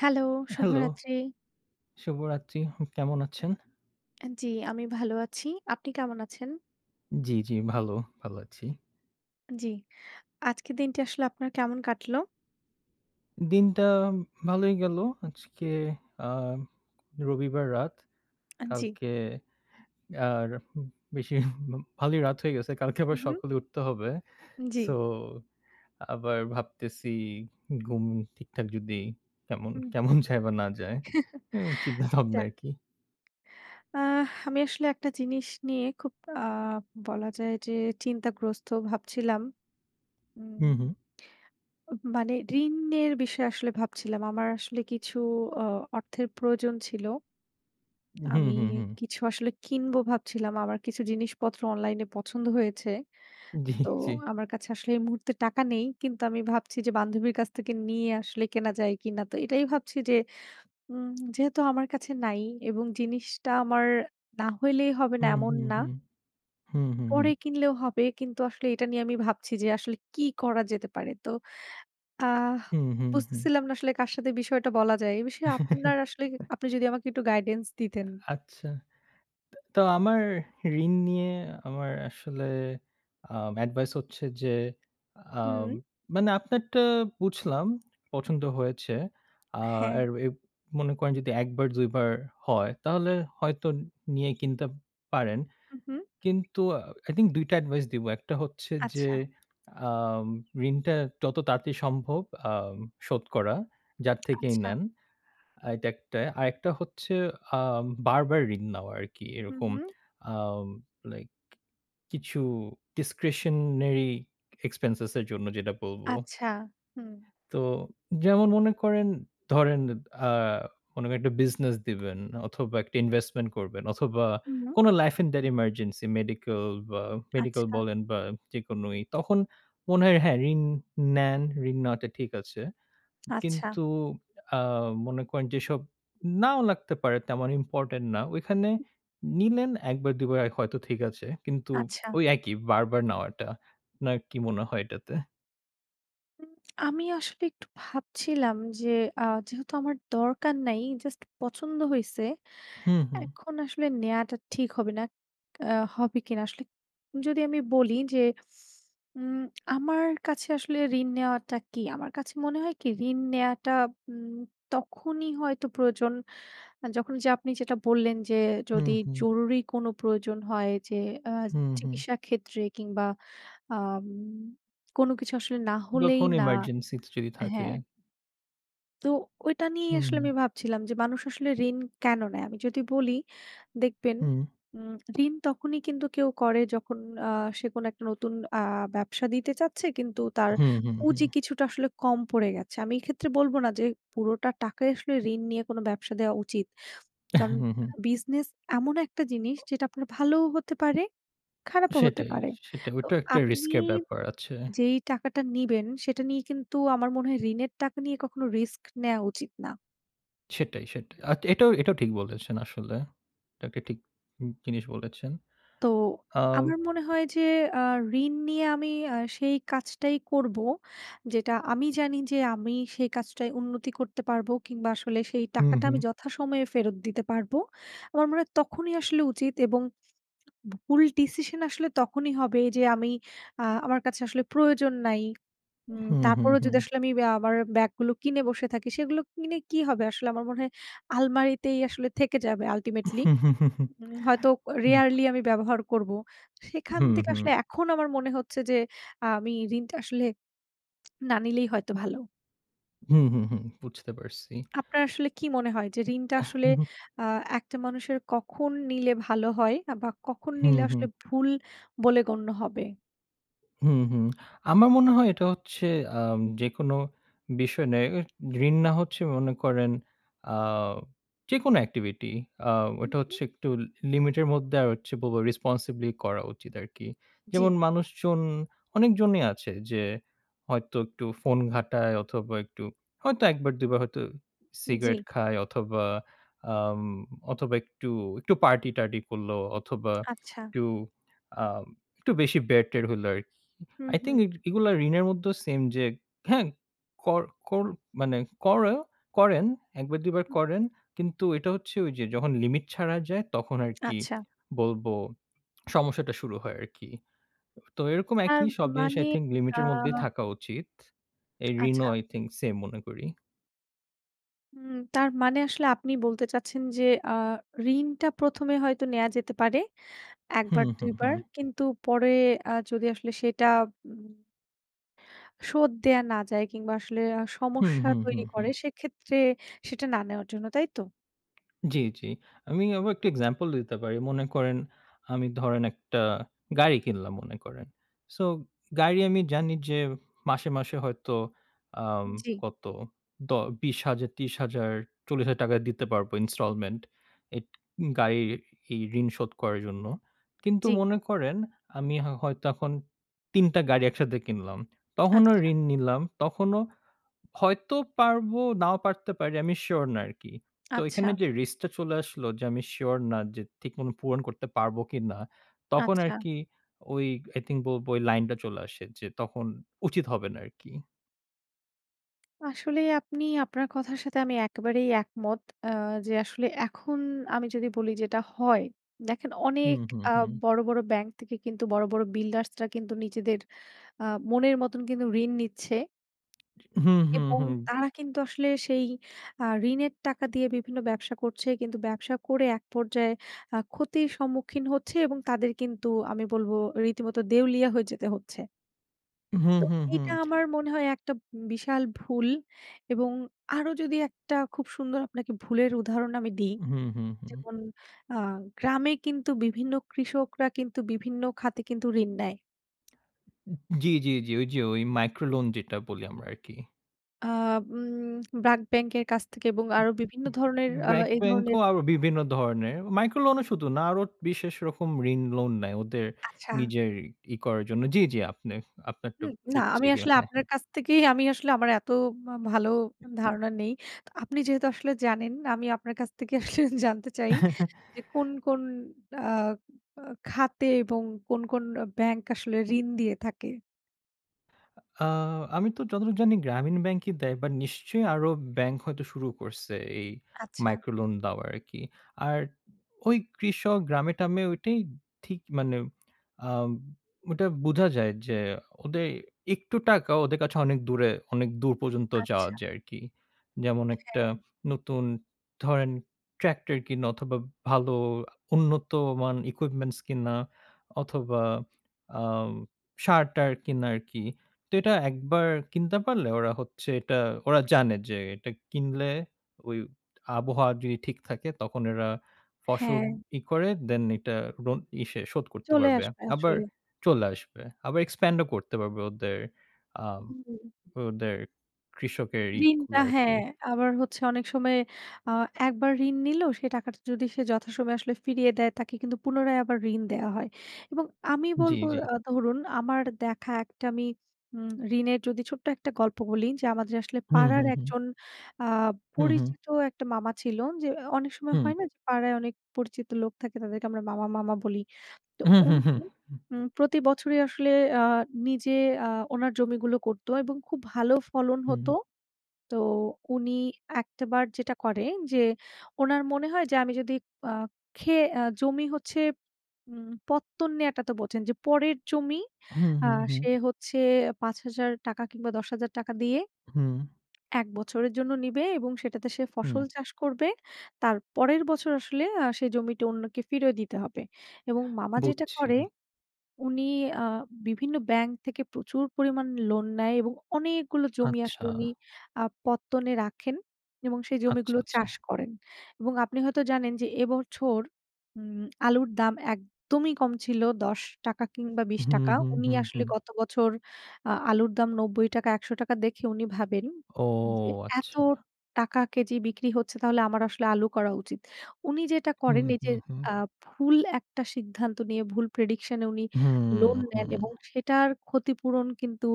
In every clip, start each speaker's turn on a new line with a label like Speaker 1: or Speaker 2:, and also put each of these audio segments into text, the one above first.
Speaker 1: Hello,
Speaker 2: hello,
Speaker 1: শুভরাত্রি।
Speaker 2: শুভরাত্রি। হুম কেমন আছেন?
Speaker 1: অ্যা জ্বি, আমি ভালো আছি। আপনি কেমন আছেন?
Speaker 2: জ্বি, জ্বি। ভালো। ভালো আছি।
Speaker 1: জ্বি। আজকের দিনটি আসলে আপনার কেমন কাটলো?
Speaker 2: দিনটা আম ভালোই গেলো। আজকে আম রবিবার রাত।
Speaker 1: আ জ্বি।
Speaker 2: কালকে আর উম বেশি ভালোই রাত হয়ে গেছে। কালকে আবার
Speaker 1: হুম, হুম।
Speaker 2: সকালে উঠতে হবে।
Speaker 1: উম জ্বি।
Speaker 2: সো আবার ভাবতেছি ঘুম ঠিকঠাক যদি কেমন
Speaker 1: হুম।
Speaker 2: কেমন যায় বা না যায়? উম চিন্তা ভাবনা
Speaker 1: যাক।
Speaker 2: আরকি।
Speaker 1: আহ আমি আসলে একটা জিনিস নিয়ে খুব আ বলা যায় যে চিন্তাগ্রস্ত। ভাবছিলাম
Speaker 2: হুম,
Speaker 1: উম
Speaker 2: হুম।
Speaker 1: উ মানে ঋণের বিষয়ে আসলে ভাবছিলাম। আমার আসলে কিছু অ অর্থের প্রয়োজন ছিল।
Speaker 2: হুম,
Speaker 1: আমি
Speaker 2: হুম, হুম।
Speaker 1: কিছু আসলে কিনবো ভাবছিলাম। আমার কিছু জিনিসপত্র অনলাইনে পছন্দ হয়েছে।
Speaker 2: জ্বি,
Speaker 1: তো
Speaker 2: জ্বি।
Speaker 1: আমার কাছে আসলে এই মুহূর্তে টাকা নেই। কিন্তু আমি ভাবছি যে বান্ধবীর কাছ থেকে নিয়ে আসলে কেনা যায় কিনা? তো এটাই ভাবছি যে উম যেহেতু আমার কাছে নাই এবং জিনিসটা আমার না হইলেই হবে না
Speaker 2: হুম,
Speaker 1: এমন
Speaker 2: হুম,
Speaker 1: না।
Speaker 2: হুম। হুম, হুম, হুম।
Speaker 1: পরে কিনলেও হবে। কিন্তু আসলে এটা নিয়ে আমি ভাবছি যে আসলে কি করা যেতে পারে? তো আহ
Speaker 2: হুম, হুম, হুম।
Speaker 1: বুঝতেছিলাম না আসলে কার সাথে বিষয়টা বলা যায়। এ বিষয়ে আপনার আসলে কি আপনি যদি আমাকে একটু guidance
Speaker 2: আ
Speaker 1: দিতেন।
Speaker 2: আচ্ছা। তা তো আমার ঋণ নিয়ে আমার আসলে আব এডভাইস হচ্ছে যে আম
Speaker 1: হুম।
Speaker 2: মানে আপনারটা বুঝলাম, পছন্দ হয়েছে।
Speaker 1: হ্যাঁ।
Speaker 2: আর এ মনে করেন যদি ১ বার, ২ বার হয়, তাহলে হয়তো নিয়ে কিনতে পারেন।
Speaker 1: হুম, হুম।
Speaker 2: কিন্তু আ I think ২ টা এডভাইস দিবো। ১ টা হচ্ছে যে
Speaker 1: আচ্ছা।
Speaker 2: আ ঋণটা যত তাড়াতাড়ি সম্ভব আম শোধ করা, যার থেকেই
Speaker 1: আচ্ছা।
Speaker 2: নেন। আ এটা ১ টা। আরেকটা হচ্ছে আম বারবার ঋণ নেওয়া আরকি
Speaker 1: হুম,
Speaker 2: এরকম
Speaker 1: হুম।
Speaker 2: আম লাইক কিছু discretionary expense এর জন্য যেটা বলবো।
Speaker 1: আচ্ছা। হুম।
Speaker 2: তো যেমন মনে করেন, ধরেন আ কোনো একটা বিজনেস দিবেন অথবা, একটা ইনভেস্টমেন্ট করবেন অথবা,
Speaker 1: হুম।
Speaker 2: কোনো লাইফ ইন ডার ইমার্জেন্সি মেডিকেল বা মেডিকেল
Speaker 1: আচ্ছা।
Speaker 2: বলেন বা যেকোনো ই তখন মনে হয়, হ্যাঁ ঋণ নেন, ঋণ নেওয়াটা ঠিক আছে।
Speaker 1: আচ্ছা।
Speaker 2: কিন্তু আ মনে করেন যেসব নাও লাগতে পারে, তেমন ইম্পোর্টেন্ট না। ঐখানে
Speaker 1: উ
Speaker 2: নিলেন ১ বার, ২ বার। আয় হয়তো ঠিক আছে। কিন্তু
Speaker 1: আচ্ছা।
Speaker 2: ওই একই বার, বার নেওয়াটা। না কি মনে হয় এটাতে?
Speaker 1: আমি আসলে একটু ভাবছিলাম যে, আ যেহেতু আমার দরকার নাই, জাস্ট পছন্দ হইছে
Speaker 2: হুম, হুম।
Speaker 1: এখন আসলে নেয়াটা ঠিক হবে না আ হবে কি না? আসলে যদি আমি বলি যে, উম আমার কাছে আসলে ঋণ নেওয়াটা কি? আমার কাছে মনে হয় কি, ঋণ নেওয়াটা উম তখনই হয়তো প্রয়োজন যখন যে, আপনি যেটা বললেন যে
Speaker 2: হুম,
Speaker 1: যদি
Speaker 2: হুম।
Speaker 1: জরুরি কোনো প্রয়োজন হয় যে, আ
Speaker 2: হুম, হুম।
Speaker 1: চিকিৎসা ক্ষেত্রে কিংবা আম কোনো কিছু আসলে না
Speaker 2: বা
Speaker 1: হলেই
Speaker 2: কোনো
Speaker 1: না
Speaker 2: এমার্জেন্সিতে যদি থাকে।
Speaker 1: হ্যাঁ। তো ঐটা নিয়েই
Speaker 2: হুম,
Speaker 1: আসলে
Speaker 2: হুম।
Speaker 1: আমি ভাবছিলাম যে, "মানুষ আসলে ঋণ কেন নেয়?" আমি যদি বলি, দেখবেন
Speaker 2: হুম।
Speaker 1: উম ঋণ তখনই কিন্তু কেউ করে যখন আ সে কোনো ১ টা নতুন আ ব্যবসা দিতে চাচ্ছে। কিন্তু তার
Speaker 2: হুম, হুম, হুম।
Speaker 1: পুঁজি কিছুটা আসলে কম পড়ে গেছে। আমি এক্ষেত্রে বলব না যে, পুরোটা টাকা আসলে ঋণ নিয়ে কোনো ব্যবসা দেওয়া উচিত। কারণ
Speaker 2: হুম, হুম।
Speaker 1: বিজনেস এমন একটা জিনিস যেটা আপনার ভালোও হতে পারে, খারাপও হতে
Speaker 2: সেটাই,
Speaker 1: পারে।
Speaker 2: সেটাই।
Speaker 1: তো
Speaker 2: ঐটাও একটা রিস্ক
Speaker 1: আপনি
Speaker 2: এর ব্যাপার আছে।
Speaker 1: যেই টাকাটা নিবেন, সেটা নিয়ে কিন্তু আমার মনে হয় ঋণের টাকা নিয়ে কখনো রিস্ক নেওয়া উচিত না।
Speaker 2: সেটাই, সেটাই। আ এটাও, এটাও ঠিক বলেছেন আসলে। এটাকে ঠিক জিনিস বলেছেন।
Speaker 1: তো
Speaker 2: আ
Speaker 1: আমার মনে হয় যে আ ঋণ নিয়ে আমি আ সেই কাজটাই করবো। যেটা আমি জানি যে আমি সেই কাজটাই উন্নতি করতে পারবো কিংবা আসলে সেই
Speaker 2: হুম,
Speaker 1: টাকাটা
Speaker 2: হুম।
Speaker 1: আমি যথাসময়ে ফেরত দিতে পারবো। আমার মনে হয় তখনই আসলে উচিত এবং ভুল ডিসিশন আসলে তখনই হবে যে আমি আ আমার কাছে আসলে প্রয়োজন নাই। উম
Speaker 2: হুম, হুম,
Speaker 1: তারপরেও যদি
Speaker 2: হুম।
Speaker 1: আসলে আমি অ্যা আমার ব্যাগ গুলো কিনে বসে থাকি সেগুলো কিনে কি হবে? আসলে আমার মনে হয় আলমারিতেই আসলে থেকে যাবে ultimately উম হয়তো ক
Speaker 2: হুম।
Speaker 1: rarely আমি ব্যবহার করবো। সেখান
Speaker 2: হুম,
Speaker 1: থেকে
Speaker 2: হুম।
Speaker 1: আসলে এখন আমার মনে হচ্ছে যে আমি ঋণটা আসলে না নিলেই হয়তো ভালো।
Speaker 2: হুম, হুম, হুম, বুঝতে পারছি।
Speaker 1: আপনার আসলে কি মনে হয় যে ঋণটা আসলে
Speaker 2: হু, হু।
Speaker 1: আ ১ টা মানুষের কখন নিলে ভালো হয়? বা কখন
Speaker 2: হুম,
Speaker 1: নিলে
Speaker 2: হুম।
Speaker 1: আসলে ভুল বলে গণ্য হবে?
Speaker 2: হুম, হুম, আমার মনে হয় এটা হচ্ছে আম যেকোনো বিষয় নে ও ঋণ না হচ্ছে মনে করেন আ যেকোনো activity আ ওইটা হচ্ছে
Speaker 1: [unintelligible]
Speaker 2: একটু লি লিমিটের মধ্যে আর হচ্ছে বল responsibly করা উচিত আরকি। যেমন
Speaker 1: জি।
Speaker 2: মানুষজন অনেকজনই আছে যে হয়তো একটু ফোন ঘাটায় অথবা একটু হয়তো ১ বার ২ বার হয়তো সিগারেট
Speaker 1: জি।
Speaker 2: খায় অথবা আম অথবা একটু, একটু পার্টি-টারটি করলো অথবা
Speaker 1: আচ্ছা।
Speaker 2: একটু আম একটু বেশি বের-টের হইলো আরকি।
Speaker 1: হুম,
Speaker 2: আই
Speaker 1: হুম।
Speaker 2: থিঙ্ক এই এগুলা ঋণের মধ্যেও সেম যে হ্যাঁ, কর, কর মানে করো করেন ১ বার ২ বার
Speaker 1: হুম।
Speaker 2: করেন কিন্তু এটা হচ্ছে ঐযে যখন লিমিট ছাড়া যায় তখন আরকি
Speaker 1: আচ্ছা।
Speaker 2: বলবো সমস্যাটা শুরু হয় আরকি। তো এরকম
Speaker 1: তার
Speaker 2: একই সব জিনিস
Speaker 1: মানে
Speaker 2: আই থিঙ্ক
Speaker 1: আ
Speaker 2: লিমিটের মধ্যে থাকা উচিত। এই
Speaker 1: আচ্ছা।
Speaker 2: ঋণও আই থিঙ্ক সেম মনে করি।
Speaker 1: হুম। তার মানে আসলে আপনি বলতে চাচ্ছেন। যে আ ঋণটা ১ম এ হয়তো নেয়া যেতে পারে। ১
Speaker 2: হুম,
Speaker 1: বার, ২
Speaker 2: হুম,
Speaker 1: বার।
Speaker 2: হুম।
Speaker 1: কিন্তু পরে আ যদি আসলে সেটা উম শোধ দেওয়া না যায়। কিংবা আসলে আ
Speaker 2: হুম,
Speaker 1: সমস্যা
Speaker 2: হুম,
Speaker 1: তৈরি
Speaker 2: হুম, হুম।
Speaker 1: করে সেক্ষেত্রে সেটা না নেওয়ার জন্য; তাইতো?
Speaker 2: জি, জি। আমি আবার একটা example দিতে পারি। মনে করেন, আমি ধরেন একটা গাড়ি কিনলাম, মনে করেন। সো গাড়ি আমি জানি যে মাসে, মাসে হয়তো আম
Speaker 1: জ্বি।
Speaker 2: কত দ ৳২০০০০, ৳৩০০০০, ৳৪০০০০ টাকা দিতে পারবো installment। এট গাড়ির ই ঋণ শোধ করার জন্য। কিন্তু
Speaker 1: জ্বি।
Speaker 2: মনে করেন আমি হ হয়তো এখন ৩ টা গাড়ি একসাথে কিনলাম। তখনও
Speaker 1: আচ্ছা।
Speaker 2: ঋণ নিলাম। তখনও হয়তো পারবো, নাও পারতে পারি, আমি শিওর না আরকি। তো এখানে
Speaker 1: আচ্ছা।
Speaker 2: যে রিস্কটা চলে আসলো। যে আমি শিওর না যে, ঠিকমতো পূরণ করতে পারবো কিনা। তখন
Speaker 1: আচ্ছা।
Speaker 2: আরকি ওই i think ব বলবো ওই লাইনটা চলে আসে যে, তখন উচিত হবে না আরকি।
Speaker 1: আসলে আপনি আপনার কথার সাথে আমি একেবারেই একমত। অ্যা যে আসলে এখন আমি যদি বলি যেটা হয়; দেখেন
Speaker 2: হুম,
Speaker 1: অনেক
Speaker 2: হুম,
Speaker 1: আ
Speaker 2: হুম।
Speaker 1: বড়, বড় ব্যাংক থেকে কিন্তু বড়, বড় বিল্ডার্সরা কিন্তু নিজেদের আ মনের মতন কিন্তু ঋণ নিচ্ছে।
Speaker 2: জি। হুম, হুম,
Speaker 1: এবং
Speaker 2: হুম।
Speaker 1: তারা কিন্তু আসলে সেই আ ঋণের টাকা দিয়ে বিভিন্ন ব্যবসা করছে। কিন্তু ব্যবসা করে এক পর্যায়ে আ ক্ষতির সম্মুখীন হচ্ছে এবং তাদের কিন্তু আমি বলবো রীতিমতো দেউলিয়া হয়ে যেতে হচ্ছে।
Speaker 2: হুম,
Speaker 1: তো
Speaker 2: হুম, হুম।
Speaker 1: এইটা আমার মনে হয় একটা উম বিশাল ভুল। এবং আরো যদি একটা খুব সুন্দর আপনাকে ভুলের উদাহরণ আমি দিই।
Speaker 2: হুম, হুম, হুম।
Speaker 1: যেমন আ গ্রামে কিন্তু বিভিন্ন কৃষকরা কিন্তু বিভিন্ন খাতে কিন্তু ঋণ নেয়।
Speaker 2: উ উ জি, জি, জি। ঐযে ঐ micro loan যেটা বলি আমরা আরকি।
Speaker 1: অ্যা উম ব্রাক ব্যাংকের কাছ থেকে এবং
Speaker 2: উ
Speaker 1: আরও বিভিন্ন
Speaker 2: উ উ
Speaker 1: ধরণের আ
Speaker 2: ব্র্যাক
Speaker 1: এই
Speaker 2: ব্যাংক
Speaker 1: ধরনের
Speaker 2: ও আরও বিভিন্ন ধরনের। micro loan ও শুধু না। আরও বিশেষ রকম ঋণ লোন নেয়। ওদের
Speaker 1: আচ্ছা।
Speaker 2: নিজের ই করার জন্য জি, জি। আপনে আপনার তো
Speaker 1: হুম। না
Speaker 2: বুঝছি
Speaker 1: আমি
Speaker 2: গিয়ে
Speaker 1: আসলে
Speaker 2: হ্যাঁ,
Speaker 1: আপনার
Speaker 2: হ্যাঁ।
Speaker 1: কাছ থেকেই আমি আসলে মা আমার এত ভালো আ ধারণা নেই। আপনি যেহেতু আসলে জানেন, আমি আপনার কাছ থেকেই আসলে জানতে চাই যে কোন, কোন আ বা খাতে এবং কোন, কোন অ ব্যাংক আসলে ঋণ দিয়ে থাকে?
Speaker 2: আ আমি তো যতটুক জানি গ্রামীণ ব্যাংকই দেয়। বা নিশ্চয়ই আরো উব ব্যাংক হয়তো শুরু করছে এই
Speaker 1: আচ্ছা।
Speaker 2: micro loan দেওয়া আরকি। আর ঐ কৃষক গ্রামে-ট্রামে ঐটাই ঠিক মানে আম ঐটা বুঝা যায় যে
Speaker 1: হুউ।
Speaker 2: ওদের একটু টাকা ওদের কাছে অনেক দূরে অনেক দূর পর্যন্ত যাওয়া
Speaker 1: আচ্ছা।
Speaker 2: যায় আরকি। যেমন একটা
Speaker 1: হ্যাঁ।
Speaker 2: নতুন ধরেন ট্র্যাক্টর কিনা অথবা, ভালো আ উন্নতমান equipments কিনা অথবা, আম সার-টার কিনা আরকি। তো এটা একবার কিনতে পারলে ওরা হচ্ছে এটা ওরা জানে যে, এটা কিনলে ঐ আবহাওয়া যদি ঠিক থাকে। তখন এরা ফসল
Speaker 1: হ্যাঁ।
Speaker 2: ই করে দেন ইটা লোন ইসে শোধ করতে
Speaker 1: চলে
Speaker 2: পারবে।
Speaker 1: আসবে
Speaker 2: আবার
Speaker 1: আসলে।
Speaker 2: চলে আসবে। আবার expand ও করতে পারবে ওদের আ
Speaker 1: হুম, হুম।
Speaker 2: ওদের কৃষকের ই
Speaker 1: ঋণটা।
Speaker 2: গুলা আরকি।
Speaker 1: হ্যাঁ, আবার হচ্ছে অনেক সময় আ একবার ঋণ নিল, সে টাকাটা যদি সে যথাসময়ে আসলে ফিরিয়ে দেয় তাকে কিন্তু পুনরায় আবার ঋণ দেওয়া হয়। এবং আমি
Speaker 2: জি,
Speaker 1: বলবো,
Speaker 2: জি।
Speaker 1: আ ধরুন আমার দেখা একটা আমি উম ঋণের যদি ছোট্ট একটা গল্প বলি। যে আমাদের আসলে
Speaker 2: হুম,
Speaker 1: পাড়ার
Speaker 2: হুম, হুম।
Speaker 1: একজন আ
Speaker 2: হুম, হুম।
Speaker 1: পরিচিত একটা মামা ছিল। যে অ অনেক সময়
Speaker 2: হুম।
Speaker 1: হয় না? যে পাড়ায় অনেক পরিচিত লোক থাকে। তাদেরকে আমরা মামা, মামা বলি। তো
Speaker 2: উ, হু, হু, হুম,
Speaker 1: উনি
Speaker 2: হুম।
Speaker 1: উম প্রতি বছরই আসলে আ নিজে আ ওনার জমিগুলো করতো এবং খুব ভালো ফলন হতো।
Speaker 2: হুউম।
Speaker 1: তো উনি একটা বার যেটা করে, যে উনার মনে হয় যে আমি যদি আ খেয়ে আ জমি হচ্ছে উম পত্তন নেয়াটা তো বোঝেন। যে পরের জমি
Speaker 2: হুম,
Speaker 1: আ
Speaker 2: হুম, হুম।
Speaker 1: সে হচ্ছে ৳৫,০০০ কিংবা ৳১০,০০০ দিয়ে
Speaker 2: হুম।
Speaker 1: ১ বছরের জন্য নিবে এবং সেটাতে সে
Speaker 2: হুম।
Speaker 1: ফসল চাষ করবে। তার পরের বছর আসলে আ সে জমিটা অন্যকে ফিরিয়ে দিতে হবে। এবং মামা যেটা
Speaker 2: বুঝছি।
Speaker 1: করে, উনি আ বিভিন্ন ব্যাংক থেকে প্রচুর পরিমাণ লোন নেয় এবং অনেকগুলো জমি
Speaker 2: আচ্ছা।
Speaker 1: আসলে উনি আ পত্তনে রাখেন, এবং সেই
Speaker 2: আচ্ছা,
Speaker 1: জমিগুলো
Speaker 2: আচ্ছা।
Speaker 1: চাষ করেন। এবং আপনি হয়তো জানেন, যে এ বছর উম আলুর দাম একদমই কম ছিল। ৳১০ কিংবা বিশ
Speaker 2: হুম,
Speaker 1: টাকা।
Speaker 2: হুম,
Speaker 1: উনি
Speaker 2: হুম,
Speaker 1: আসলে
Speaker 2: হুম।
Speaker 1: গত বছর আ আলুর দাম ৳৯০ ৳১০০ দেখে উনি ভাবেন
Speaker 2: ও!
Speaker 1: যে, এত
Speaker 2: আচ্ছা।
Speaker 1: টাকা কেজি বিক্রি হচ্ছে, তাহলে আমার আসলে আলু করা উচিৎ। উনি যেটা
Speaker 2: হুম,
Speaker 1: করেন এইযে
Speaker 2: হুম, হুম।
Speaker 1: আ ভুল একটা সিদ্ধান্ত নিয়ে, ভুল prediction এ উনি
Speaker 2: হুম,
Speaker 1: লোন নেন।
Speaker 2: হুম।
Speaker 1: এবং সেটার ক্ষতিপূরণ কিন্তু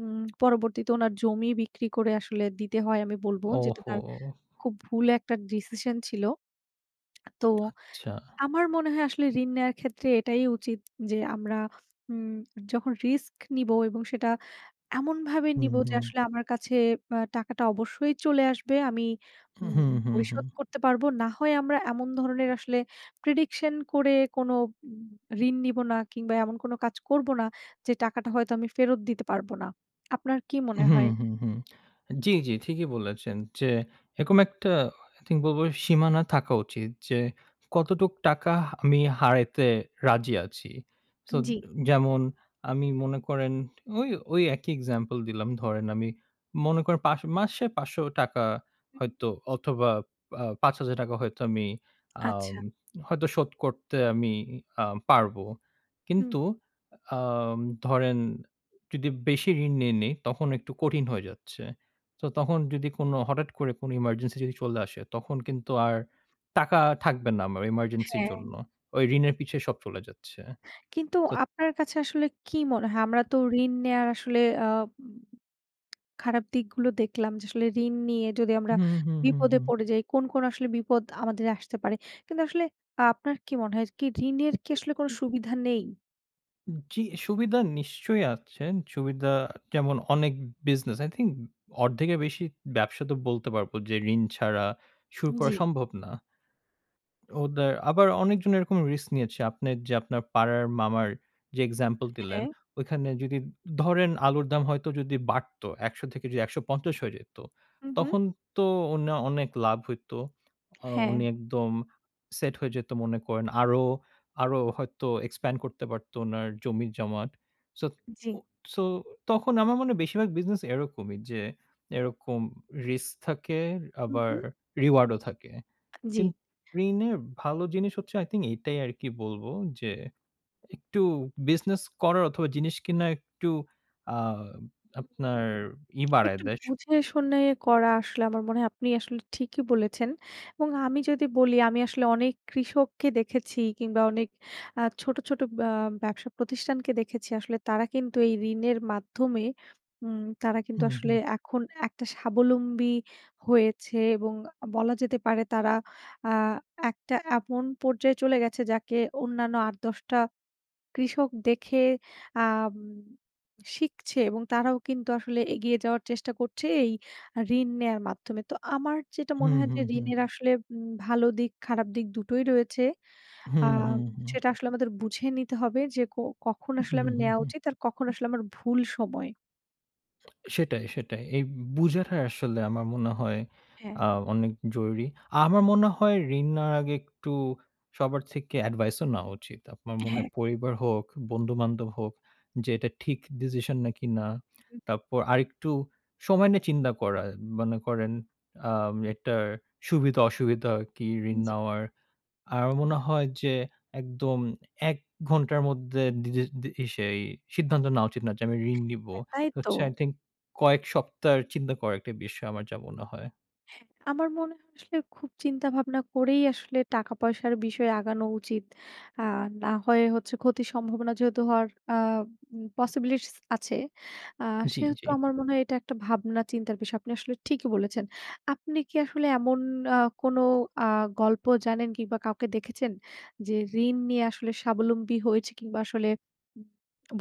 Speaker 1: উম পরবর্তীতে উনার জমি বিক্রি করে আসলে দিতে হয় আমি বলবো। যেটা তার
Speaker 2: ওহো!
Speaker 1: খুব ভুল একটা ডিসিশন ছিল। তো
Speaker 2: আচ্ছা।
Speaker 1: আমার মনে হয় আসলে ঋণ নেয়ার ক্ষেত্রে এটাই উচিৎ যে আমরা উম যখন রিস্ক নিব এবং সেটা এমনভাবে
Speaker 2: হুম,
Speaker 1: নিবো যে
Speaker 2: হুম।
Speaker 1: আসলে আমার কাছে অ্যা টাকাটা অবশ্যই চলে আসবে। আমি
Speaker 2: হু,
Speaker 1: উম
Speaker 2: হুম, হুম, হুম।
Speaker 1: পরিশোধ করতে পারবো। না হয় আমরা এমন ধরনের আসলে prediction করে কোনো উম ঋণ নিবো না কিংবা এমন কোনো কাজ করবো না, যে টাকাটা হয়তো আমি ফেরত দিতে পারবো না। আপনার কি
Speaker 2: হু,
Speaker 1: মনে হয়?
Speaker 2: হু, হু। জি, জি। ঠিকই বলেছেন। যে এরকম একটা I think বলবো, "সীমানা থাকা উচিৎ যে, কতটুক টাকা হা আমি হারাইতে রাজি আছি।" সো ও দো
Speaker 1: জি।
Speaker 2: যেমন আমি মনে করেন ঐ ঐ একই এক্সাম্পল দিলাম। ধরেন আমি মনে করেন পাস মাসে ৳৫০০
Speaker 1: হুউম।
Speaker 2: হয়তো অথবা, আ ৳৫,০০০ হয়তো আমি আম
Speaker 1: আচ্ছা।
Speaker 2: হয়তো শোধ করতে আমি ই আ পারবো।
Speaker 1: হুম।
Speaker 2: কিন্তু আম ধরেন যদি বেশি ঋণ নিয়ে নেই। তখন একটু কঠিন হয়ে যাচ্ছে। তো তখন যদি কোন হঠাৎ করে কোনো ইমার্জেন্সি যদি চলে আসে, তখন কিন্তু আর টাকা থাকবে না আমার ইমার্জেন্সির
Speaker 1: হ্যাঁ
Speaker 2: জন্য। ঐ ঋণের পিছে সব চলে যাচ্ছে।
Speaker 1: কিন্তু
Speaker 2: তো
Speaker 1: আপনার কাছে আসলে কি মনে হয়? আমরা তো ঋণ নেওয়ার আসলে অ্যা উম খারাপ দিকগুলো দেখলাম। যে আসলে ঋণ নিয়ে যদি আমরা
Speaker 2: হুম, হুম, হুম,
Speaker 1: বিপদে
Speaker 2: হুম।
Speaker 1: পড়ে যাই। কোন, কোন আসলে বিপদ আমাদের আসতে পারে। কিন্তু আসলে আ আপনার কি মনে হয় কি ঋণের কি
Speaker 2: উ
Speaker 1: আসলে কোনো
Speaker 2: জি।
Speaker 1: সুবিধা নেই?
Speaker 2: উম কি অ্যা সুবিধা নিশ্চয়ই আছেন। সুবিধা যেমন অনেক বিজনেস আই থিংক অর্ধেকের বেশি ব্যবসা তো বলতে পারবো যে ঋণ ছাড়া শুরু করা
Speaker 1: জি।
Speaker 2: সম্ভব না। ওদের আবার অনেকজন এরকম রিস্ক নিয়েছে। আপনের যে আপনার পাড়ার মামার যে এক্সাম্পল দিলেন,
Speaker 1: হ্যাঁ।
Speaker 2: ওইখানে যদি ধরেন আলুর দাম হয়তো যদি বাড়ত, ১০০ থেকে যদি ১৫০ হয়ে যাইত।
Speaker 1: হুম, হুম।
Speaker 2: তখন তো উনা অনেক লাভ হইত। অ উনি
Speaker 1: হ্যাঁ।
Speaker 2: একদম সেট হয়ে যেত মনে করেন। আরো, আরো হয়তো expand করতে পারতো উনার জমি-জামাত। সোত উ
Speaker 1: জি।
Speaker 2: সো, তখন আমার মনে বেশিরভাগ বিজনেস এরকমই যে এরকম রিস্ক থাকে
Speaker 1: হুম,
Speaker 2: আবার
Speaker 1: হুম।
Speaker 2: reward ও থাকে।
Speaker 1: জি।
Speaker 2: কিন্তু ঋণের ভালো জিনিস হচ্ছে আই থিংক এটাই আরকি বলবো যে একটু বিজনেস করার অথবা জিনিস কিনা একটু আ আপনার ই বাড়ায়
Speaker 1: একটু
Speaker 2: দেয় শক্তি।
Speaker 1: বুঝে শুনে করা আসলে আমার মনে হয় আপনি আসলে ঠিকই বলেছেন এবং আমি যদি বলি আমি আসলে অনেক কৃষককে দেখেছি কিংবা অনেক আ ছোট, ছোট ব্য ব্যবসা প্রতিষ্ঠানকে দেখেছি আসলে তারা কিন্তু এই ঋণের মাধ্যমে উম তারা কিন্তু
Speaker 2: হুম,
Speaker 1: আসলে
Speaker 2: হুম।
Speaker 1: এখন একটা স্বাবলম্বী হয়েছে এবং আ বলা যেতে পারে তারা আ একটা এমন পর্যায়ে চলে গেছে যাকে অন্যান্য ৮-১০ টা কৃষক দেখে আম শিখছে এবং তারাও কিন্তু আসলে এগিয়ে যাওয়ার চেষ্টা করছে এই ঋণ নেয়ার মাধ্যমে। তো আমার যেটা মনে
Speaker 2: হুম,
Speaker 1: হয় যে
Speaker 2: হুম, হুম।
Speaker 1: ঋণের আসলে উম ভালো দিক খারাপ দিক টোই রয়েছে।
Speaker 2: হুম,
Speaker 1: আম
Speaker 2: হুম, হুম।
Speaker 1: সেটা আসলে আমাদের বুঝে নিতে হবে যে কো কখন আসলে
Speaker 2: হুম,
Speaker 1: আমার
Speaker 2: হুম,
Speaker 1: নেওয়া
Speaker 2: হুম।
Speaker 1: উচিত আর কখন আসলে আমার ভুল সময়।
Speaker 2: সেটাই, সেটাই। এই বুঝাটা আসলে আমার মনে হয়
Speaker 1: হ্যাঁ।
Speaker 2: আ অনেক জরুরি। আমার মনে হয় ঋণ নেওয়ার আগে একটু সবার থেকে এডভাইসও নেওয়া উচিত। আপনার মনে হয়
Speaker 1: হ্যাঁ।
Speaker 2: পরিবার হোক, বন্ধুবান্ধব হোক যে, এটা ঠিক ডিসিশন নাকি না?
Speaker 1: হুম।
Speaker 2: তারপর আরেকটু সময় নিয়ে চিন্তা করা। মনে করেন, আ এটার সুবিধা-অসুবিধা কি ঋণ
Speaker 1: জি।
Speaker 2: নেওয়ার? আমার মনে হয় যে একদম ১ ঘন্টার মধ্যে দি দি দি ই সেই সিদ্ধান্ত নেওয়া উচিত না যে, আমি ঋণ নিবো।
Speaker 1: হ্যাঁ, তাই তো।
Speaker 2: হচ্ছে আই থিংক, কয়েক সপ্তাহের চিন্তা করার একটি বিষয় আমার যা মনে হয়।
Speaker 1: আমার মনে হয় আসলে, খুব চিন্তা ভাবনা করেই আসলে টাকা-পয়সার বিষয় আগানো উচিত। আ না হয় হচ্ছে, ক্ষতির সম্ভাবনা যেহেতু হওয়ার আ পসিবিলিটিস আছে, আ
Speaker 2: জি, জি।
Speaker 1: সেহেতু আমার মনে হয়, এটা একটা ভাবনা-চিন্তার বিষয়। আপনি আসলে ঠিকই বলেছেন। আপনি কি আসলে এমন আ কোন আ গল্প জানেন কিংবা কাউকে দেখেছেন যে, ঋণ নিয়ে আসলে স্বাবলম্বী হয়েছে কিংবা আসলে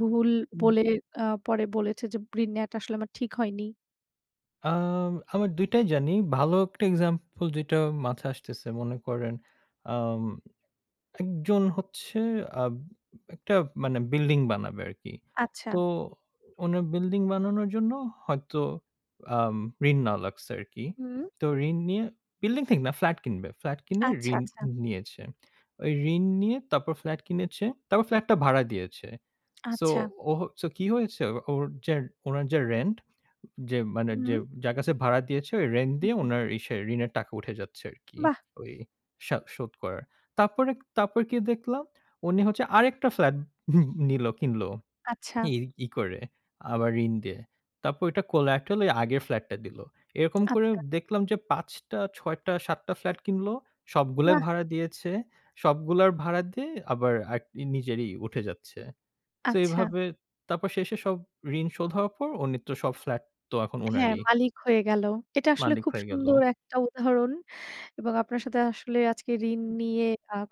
Speaker 1: ভুল
Speaker 2: হুম।
Speaker 1: বলে আ পরে বলেছে যে, ঋণ নিয়ে আসলে আমার ঠিক হয়নি?
Speaker 2: আম আমার ২ টাই জানি। ভালো একটা এক্সাম্পল যেটা মাথায় আসতেছে, মনে করেন আম একজন হচ্ছে আব একটা মানে বিল্ডিং বানাবে আরকি।
Speaker 1: আচ্ছা।
Speaker 2: তো উনি বিল্ডিং বানানোর জন্য হয়তো আম ঋণ নেওয়া লাগছে আরকি।
Speaker 1: হুম।
Speaker 2: তো ঋণ নিয়ে বিল্ডিং ঠিক না, ফ্ল্যাট কিনবে। ফ্লাট কিনে
Speaker 1: আচ্ছা,
Speaker 2: ঋণ
Speaker 1: আচ্ছা।
Speaker 2: নিয়েছে। ওই ঋণ নিয়ে তারপর ফ্ল্যাট কিনেছে। তারপর ফ্ল্যাটটা ভাড়া দিয়েছে। সো
Speaker 1: আচ্ছা।
Speaker 2: ও হচ্ছে কি হয়েছে? ওর যে ওনার যে রেন্ট, অ যে মানে যে
Speaker 1: হুম।
Speaker 2: যার কাছে ভাড়া দিয়েছে, ওই রেন্ট দিয়ে
Speaker 1: জি।
Speaker 2: উনার ইসে ঋণের টাকা উঠে যাচ্ছে আরকি।
Speaker 1: বাহ!
Speaker 2: ওই সা শোধ করার। তারপরে তারপর কি দেখলাম উনি হচ্ছে আরেকটা ফ্ল্যাট নিল কিনল।
Speaker 1: আচ্ছা।
Speaker 2: ই ই করে, আবার ঋণ দিয়ে। তারপর ওটা collaterally আগের ফ্লাটটা দিলো। এরকম করে
Speaker 1: আচ্ছা।
Speaker 2: দেখলাম যে ৫ টা, ৬ টা, ৭ টা ফ্ল্যাট কিনল। সবগুলাই
Speaker 1: বাহ!
Speaker 2: ভাড়া দিয়েছে। সবগুলার ভাড়া দিয়ে আবার আরকি নিজেরই উঠে যাচ্ছে। সো
Speaker 1: আচ্ছা।
Speaker 2: এভাবে তারপর শেষে সব ঋণ শোধ হওয়ার পর উনি তো সব ফ্ল্যাট তো এখন
Speaker 1: হ্যাঁ,
Speaker 2: ওনারই।
Speaker 1: মালিক হয়ে গেল। এটা আসলে
Speaker 2: মালিক
Speaker 1: খুব
Speaker 2: হয়ে গেল।
Speaker 1: সুন্দর একটা উদাহরণ। এবং আপনার সাথে আসলে আজকে ঋণ আ নিয়ে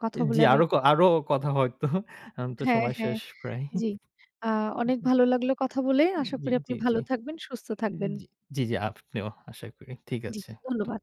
Speaker 1: কথা
Speaker 2: উম জি,
Speaker 1: বলে আমিও
Speaker 2: আরো ক আরো কথা হয়তো এখন তো
Speaker 1: হ্যাঁ,
Speaker 2: সময়
Speaker 1: হ্যাঁ।
Speaker 2: শেষ প্রায়।
Speaker 1: জি। আ অনেক ভালো লাগলো কথা বলে।
Speaker 2: উম
Speaker 1: আশা
Speaker 2: জি,
Speaker 1: করি
Speaker 2: জি,
Speaker 1: আপনি
Speaker 2: জি।
Speaker 1: ভালো থাকবেন, সুস্থ
Speaker 2: উম
Speaker 1: থাকবেন।
Speaker 2: জি, জি, জি আপনিও আশা করি। ঠিক
Speaker 1: জি,
Speaker 2: আছে। ধ
Speaker 1: ধন্যবাদ।